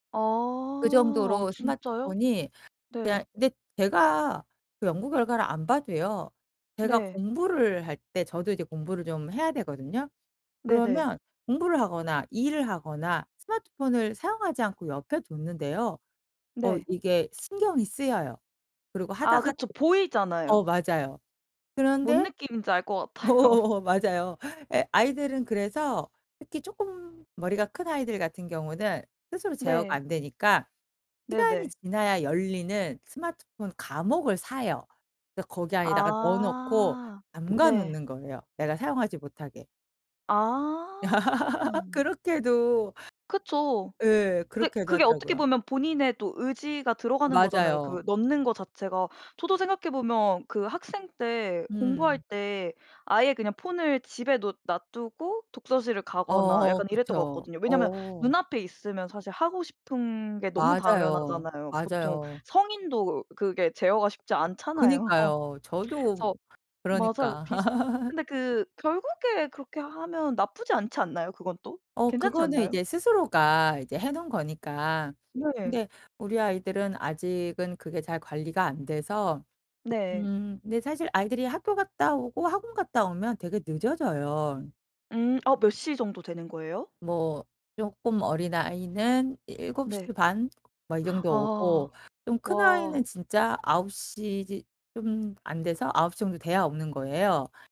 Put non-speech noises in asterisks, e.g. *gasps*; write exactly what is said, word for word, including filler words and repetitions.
아. 그 어 정도로 진짜요? 스마트폰이 이야 네. 근데 제가 그 연구 결과를 안 봐도요. 제가 네. 공부를 할 때 저도 이제 공부를 좀 해야 되거든요. 네네. 그러면 공부를 하거나 일을 하거나 스마트폰을 사용하지 않고 옆에 뒀는데요. 어 네. 이게 신경이 쓰여요. 그리고 아 하다가 그쵸. 보이잖아요. 어 맞아요. 뭔 그런데 느낌인지 알 것 같아요. 어 맞아요. 예 아이들은 그래서 특히 쪼끔 머리가 큰 아이들 같은 경우는 스스로 제어가 네. 안 되니까 시간이 네네. 지나야 열리는 스마트폰 감옥을 사요. 그래서 거기 안에다가 넣어 놓고 아. 잠가 네. 놓는 거예요, 애가 사용하지 못하게. 아. *laughs* 음. 그렇게 해도 그쵸. 예. 근데 그렇게 해 그게 어떻게 가더라고요. 보면 본인의 또 의지가 들어가는 거잖아요, 그 맞아요. 넣는 것 자체가. 저도 생각해 보면 그 학생 때 공부할 음. 때 아예 그냥 폰을 집에 놓 놔 두고 독서실을 가거나 어어 약간 이랬던 거 그쵸. 같거든요. 왜냐하면 어. 눈 앞에 있으면 사실 하고 싶은 게 너무 맞아요. 당연하잖아요. 보통 맞아요. 성인도 그게 제어가 쉽지 않잖아요. 그니까요. 저도 뭐 그래서 맞아요. 그러니까. 비슷 *laughs* 근데 그 결국에 그렇게 하면 나쁘지 않지 않나요, 그것도? 어. 괜찮지 그거는 않나요? 이제 스스로가 이제 해 놓은 거니까. 네. 근데 우리 아이들은 아직은 그게 잘 관리가 안 돼서 네. 음 근데 사실 아이들이 학교 갔다 오고 학원 갔다 오면 되게 늦어져요. 음. 어 몇 시 정도 되는 거예요? 뭐 쪼끔 어린 아이는 일곱 시 네. 반 뭐 이 *gasps* 정도에 아. 오고 좀 큰 와. 아이는 진짜 아홉 시 이제 좀 안 돼서 아홉 시 정도 돼야 오는 거예요.